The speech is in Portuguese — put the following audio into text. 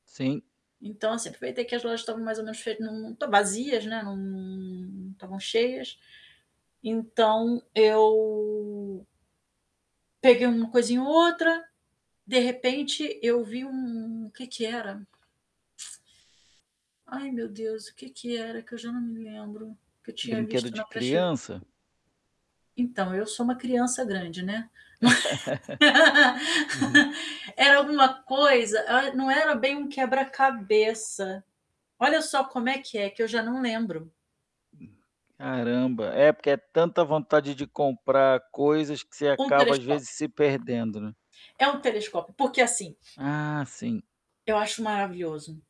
Sim. Então assim, foi até que as lojas estavam mais ou menos fe não tão vazias, né, não não estavam cheias. Então eu peguei uma coisinha ou outra. De repente eu vi um o que que era? Ai, meu Deus, o que que era? Que eu já não me lembro, que eu tinha Brinquedo visto de na prati criança? Então, eu sou uma criança grande, né? Uhum. Era alguma coisa, ah, não era bem um quebra-cabeça. Olha só como é que é, que eu já não lembro. Caramba. É, porque é tanta vontade de comprar coisas que você Um acaba, às vezes, telescópio. se perdendo, né. É um telescópio. Porque assim Ah! Sim. eu acho maravilhoso.